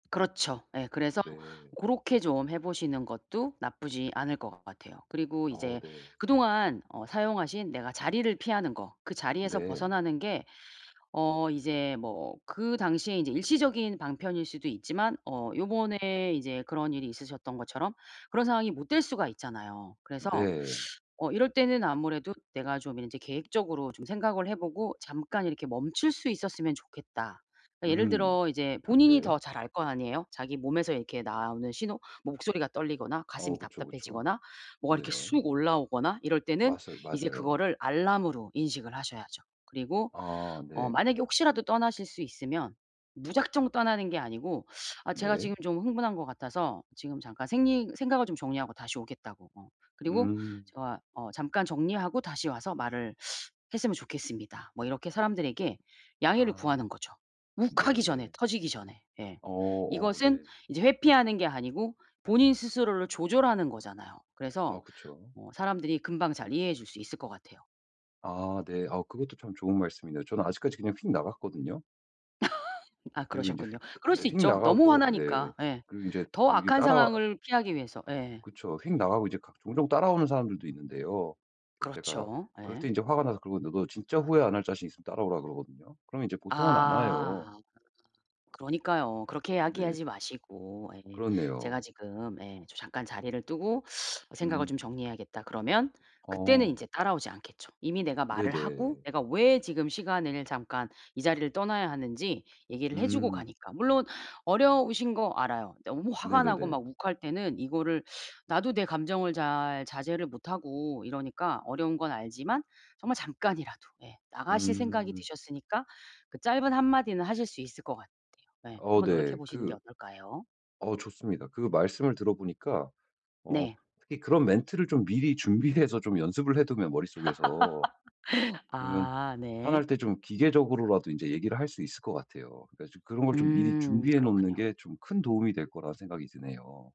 그렇죠. 예. 그래서 네. 고렇게 좀 해 보시는 것도 나쁘지 않을 것 같아요. 그리고 아 이제 네. 그동안 어 사용하신 내가 자리를 피하는 거 그 자리에서 네. 벗어나는 게 어 이제 뭐 그 당시에 이제 일시적인 방편일 수도 있지만 어 요번에 이제 그런 일이 있으셨던 것처럼 그런 상황이 못 될 수가 있잖아요. 그래서 네. 어 이럴 때는 아무래도 내가 좀 이제 계획적으로 좀 생각을 해 보고 잠깐 이렇게 멈출 수 있었으면 좋겠다. 그러니까 예를 음. 들어 이제 본인이 네. 더 잘 알 거 아니에요 자기 몸에서 이렇게 나오는 신호 뭐 목소리가 떨리거나 어 가슴이 그쵸, 그쵸. 답답해지거나 뭐가 이렇게 네네. 쑥 올라오거나 이럴 때는 맞설 이제 맞아요. 그거를 알람으로 인식을 하셔야죠. 그리고 아 어 네. 만약에 혹시라도 떠나실 수 있으면 무작정 떠나는 게 아니고 "아 제가 네. 지금 좀 흥분한 거 같아서 지금 잠깐 생리 생각을 좀 정리하고 다시 오겠다."고. 어 그리고 음. "제가 어 잠깐 정리하고 다시 와서 말을 했으면 좋겠습니다." 뭐 이렇게 사람들에게 양해를 아. 구하는 거죠. 욱하기 전에 네. 터지기 전에. 예. 어 어 이것은 네. 이제 회피하는 게 아니고 본인 스스로를 조절하는 거잖아요. 그래서 아 그쵸. 어 사람들이 금방 잘 이해해 줄 수 있을 것 같아요. 아 네. 아 그것도 참 좋은 말씀이네요. 저는 아직까지 그냥 휙 나갔거든요. 아 그리고 이제 휙 그러셨군요. 그럴 네 수 휙 있죠. 너무 나가고 네 화나니까. 예. 그리고 이제 더 이게 악한 따라 상황을 피하기 위해서 예. 그쵸. 휙 나가고 이제 가 종종 따라오는 사람들도 있는데요. 제가 그렇죠. 그럴 때 예. 인제 화가 나서 그러면 너도 진짜 후회 안 할 자신 있으면 따라오라고 그러거든요. 그럼 이제 보통은 안 와요. 아 그러니까요. 그렇게 네. 이야기하지 마시고. 예. "제가 그렇네요. 지금" 예 "저 잠깐 자리를 뜨고 생각을 좀 음. 정리해야겠다." 그러면 그때는 어. 인제 따라오지 않겠죠. 이미 내가 말을 하고 네네. 내가 왜 지금 시간을 잠깐 이 자리를 떠나야 하는지 얘기를 해 주고 음. 가니까. 물론 어려우신 거 알아요. 너무 화가 나고 네네네. 막 욱할 때는 이거를 나도 내 감정을 잘 자제를 못하고 이러니까 어려운 건 알지만 정말 잠깐이라도 예 나가실 생각이 음. 드셨으니까 그 짧은 한마디는 하실 수 있을 것 같아요. 네. 어 한번 노력해 네. 보시는 게 그 어떨까요? 어 좋습니다. 그 말씀을 들어보니까 어 네. 특히 그런 멘트를 좀 미리 준비해서 좀 연습을 해 두면 머릿속에서 그러면 아 화날 네. 때 좀 기계적으로라도 인제 얘기를 할 수 있을 것 같아요. 그러니까 좀 그런 걸 좀 미리 음 준비해 놓는 그렇군요. 게 좀 큰 도움이 될 거라 생각이 드네요.